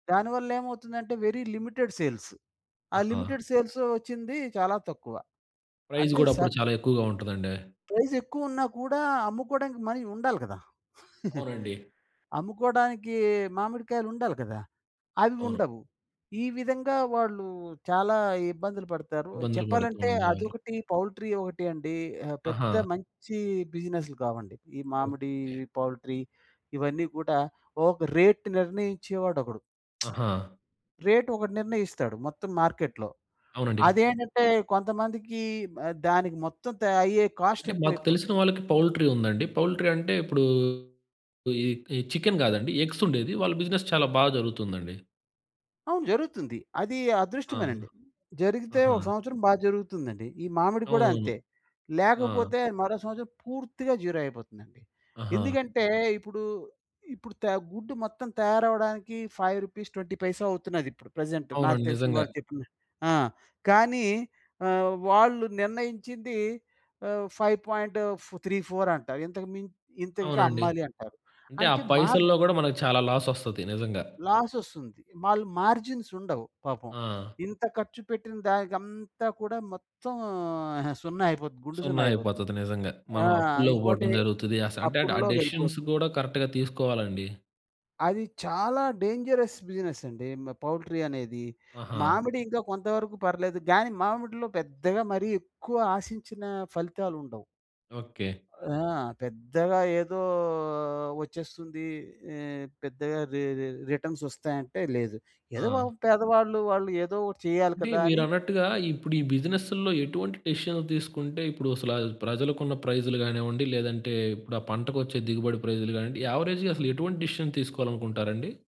దానివల్లేమవుతుందంటే, very limited sales. ఆ ఆహా! Limited sales ఒచ్చింది చాలా తక్కువ. ప్రైజ్ అంటే గూడా స అప్పుడు చాలా ఎక్కువగా ఉంటదండి. ప్రైసెక్కువ ఉన్నా కూడా అమ్ముకోవడానికి మనీ ఉండాలి కదా! అవునండి. అమ్ముకోవడానికి మామిడికాయలుండాలి కదా! అవి అవును. ఉండవు. ఈ విధంగా వాళ్ళు చాలా ఇబ్బందులు పడతారు. ఇబ్బందులు పడుతూ చెప్పాలంటే ఉండేవాళ్ళు. అదొకటి, పౌల్ట్రీ ఒకటి అండి. ఆహ్, పెద్ద ఆహా! మంచి బిజినెస్‌లు కావండి. ఈ ఓకే. మామిడి, ఈ పౌల్ట్రీ ఇవన్నీ కూడా ఒక రేట్ నిర్ణయించేవాడొకడు. ఆహా! రేట్ ఒకడు నిర్ణయిస్తాడు మొత్తం మార్కెట్‌లో. అవునండి. అదేంటంటే కొంతమందికి ఆహ్, దానికి మొత్తం త అయ్యే కాస్ట్ అంటే మాకు తెలిసిన ఎక్కువైపోద్ది. వాళ్ళకి పౌల్ట్రీ ఉందండి. పౌల్ట్రీ అంటే, ఇప్పుడు ఈ ఈ చికెన్ గాదండి. ఎగ్స్ ఉండేది. వాళ్ళ బిజినెస్ చాలా బాగా జరుగుతుందండి. అవును జరుగుతుంది. అది ఆ! అదృష్టమేనండి. జరిగితే ఆహా! ఒక సంవత్సరం బాగా జరుగుతుందండి. ఈ మామిడి కూడా అవునవును. అంతే. ఆ! లేకపోతే మరో సంవత్సరం పూర్తిగా జీరో అయిపోతుందండి. ఆహా! ఎందుకంటే, ఇప్పుడు ఇప్పుడు తె గుడ్డు మొత్తం తయారవ్వడానికి రూ. 5.20 అవుతున్నది ఇప్పుడు ప్రెజెంట్. నాకు అవునండి. తెలిసిన నిజంగా. వాడు చెప్పిన ఆ! కానీ ఆహ్, వాళ్ళు నిర్ణయించింది ఆహ్, 5.34 అంటారు. ఇంతకు మిం "ఇంతకె అవునండి. అమ్మాలి" అంటారు. అంటే ఆ అంటే మా పైసల్లో గూడా మనకి చాలా లాస్ ఒస్తది నిజంగా. లాస్ ఒస్తుంది. వాళ్ళు మార్జిన్స్ ఉండవు, పాపం. ఆ! ఇంత ఖర్చు పెట్టిన దానికంతా కూడా మొత్తం సున్నా అయిపోతుంది. గుండు సున్నా సున్నా అయిపోతుంది. అయిపోతది. నిజంగా. ఆ! మనం అప్పుల్లోకి ఇంకోటి పోవడం జరుగుతుంది. ఆ స అంటే, అప్పుల్లోకెళ్ళిపోతుంది. డిసిషన్స్ గూడా కరెక్ట్‌గా తీసుకోవాలండి. అది చాలా డేంజరస్ బిజినెస్ అండి. మ్ పౌల్ట్రీ అనేది. ఆహా! మామిడి ఇంకా కొంత వరకు పర్లేదు గాని, మామిడిలో పెద్దగా మరి ఎక్కువ ఆశించిన ఫలితాలుండవు. ఓకే. ఆ! పెద్దగా ఏదో ఒచ్చేస్తుంది. ఆహ్, పెద్దగా రి రిటర్న్సోస్తాయి అంటే లేదు. ఏదో ఆ! పాపం పేదవాళ్ళు, వాళ్ళు ఏదో ఒకటి చేయాలి అంటే కదా! అని మీరన్నట్టుగా, ఇప్పుడు ఈ బిజినెసుల్లో ఎటువంటి డిసిషన్ తీసుకుంటే ఇప్పుడు అసలు ప్రజలకున్న ప్రైసులు గానివ్వండి, లేదంటే ఇప్పుడు ఆ పంటకొచ్చే దిగుబడి ప్రైస్‌లు గావ్వండి, యావరేజ్‌గా అసలు ఎటువంటి డిసిషన్ తీసుకోవాలనుకుంటారండి?